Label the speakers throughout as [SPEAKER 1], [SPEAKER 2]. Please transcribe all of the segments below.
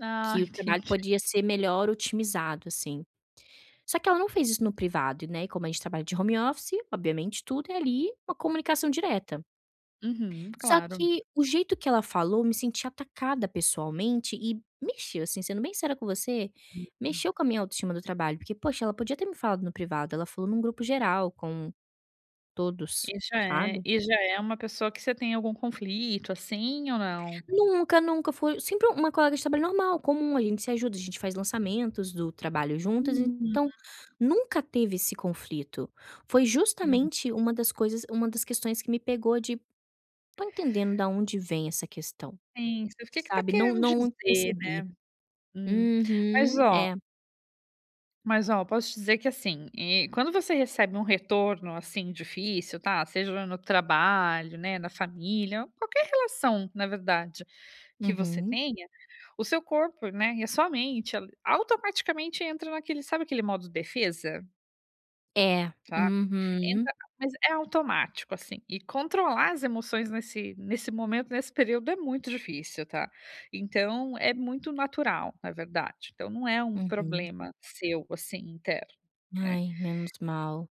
[SPEAKER 1] Ah,
[SPEAKER 2] Que o trabalho
[SPEAKER 1] entendi.
[SPEAKER 2] podia ser melhor otimizado, assim. Só que ela não fez isso no privado, né, e como a gente trabalha de home office, obviamente, tudo é ali, uma comunicação direta.
[SPEAKER 1] Uhum,
[SPEAKER 2] Só
[SPEAKER 1] claro.
[SPEAKER 2] que o jeito que ela falou, eu me senti atacada pessoalmente e mexeu, assim, sendo bem sincera com você,
[SPEAKER 1] Hum.
[SPEAKER 2] mexeu com a minha autoestima do trabalho, porque, poxa, ela podia ter me falado no privado, ela falou em um grupo geral com todos,
[SPEAKER 1] E já é
[SPEAKER 2] sabe.
[SPEAKER 1] e já é uma pessoa que você tem algum conflito, assim, ou não?
[SPEAKER 2] Nunca, nunca fui sempre uma colega de trabalho normal, comum, a gente se ajuda, a gente faz lançamentos do trabalho juntas,
[SPEAKER 1] Hum.
[SPEAKER 2] então nunca teve esse conflito. Foi
[SPEAKER 1] Hum.
[SPEAKER 2] justamente uma das coisas uma das questões que me pegou de: "Não estou entendendo da onde vem essa questão",
[SPEAKER 1] Sim, você fica: "O que que tá
[SPEAKER 2] sabe, não
[SPEAKER 1] querendo
[SPEAKER 2] não
[SPEAKER 1] dizer, né?".
[SPEAKER 2] percebi.
[SPEAKER 1] Hum. Mas
[SPEAKER 2] Uhum,
[SPEAKER 1] ó
[SPEAKER 2] é.
[SPEAKER 1] mas ó, eu posso te dizer que, assim, eh, quando você recebe um retorno, assim, difícil, tá, seja no trabalho, né, na família, ou qualquer relação na verdade, que você
[SPEAKER 2] Uhum.
[SPEAKER 1] tenha, o seu corpo, né, e a sua mente, ali, automaticamente entra naquele sabe aquele modo defesa?
[SPEAKER 2] É,
[SPEAKER 1] Sabe? Então
[SPEAKER 2] uhum.
[SPEAKER 1] mas é automático, assim, e controlar as emoções nesse nesse momento, nesse período, é muito difícil, tá. Então é muito natural, na verdade, então não é um
[SPEAKER 2] Uhum.
[SPEAKER 1] problema seu, assim, interno, né.
[SPEAKER 2] Ai, menos mal.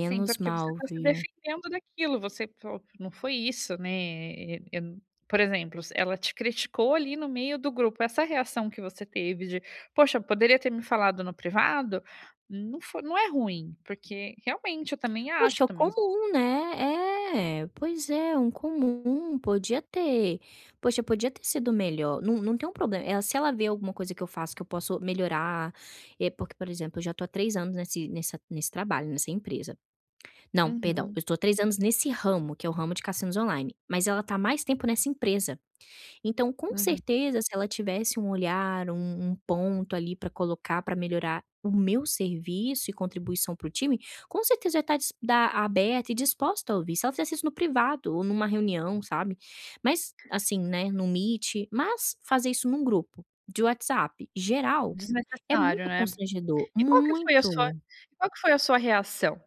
[SPEAKER 1] Sim, porque você
[SPEAKER 2] mal,
[SPEAKER 1] tá se
[SPEAKER 2] viu.
[SPEAKER 1] defendendo daquilo, você fa "Não foi isso, né, eh eh, eu n" por exemplo, se ela te criticou, ali, no meio do grupo, essa reação que você teve de: "Poxa, poderia ter me falado no privado", não fo não é ruim, porque, realmente, eu também
[SPEAKER 2] Poxa,
[SPEAKER 1] acho,
[SPEAKER 2] é o
[SPEAKER 1] também s
[SPEAKER 2] comum, né? É, pois é, um comum. Podia ter poxa, podia ter sido melhor. Não não tem um problema eh, se ela ver alguma coisa que eu faço, que eu posso melhorar, eh, porque, por exemplo, eu já tô há 3 anos nesse nessa nesse trabalho, nessa empresa. Não, perdão, eu
[SPEAKER 1] Uhum.
[SPEAKER 2] estou há 3 nesse ramo, que é o ramo de cassinos online, mas ela tá há mais tempo nessa empresa. Então, com
[SPEAKER 1] Uhum.
[SPEAKER 2] certeza, se ela tivesse um olhar, um um ponto, ali, pra colocar pra melhorar o meu serviço e contribuição para o time, com certeza eu ia tá dis dá aberta e disposta a ouvir, se ela fizesse isso no privado ou numa reunião, sabe, mas assim, né, no meet, mas, fazer isso num grupo de WhatsApp geral é
[SPEAKER 1] Desnecessário,
[SPEAKER 2] muito
[SPEAKER 1] né.
[SPEAKER 2] constrangedor,
[SPEAKER 1] E qual que foi a sua
[SPEAKER 2] muito.
[SPEAKER 1] qual que foi a sua reação?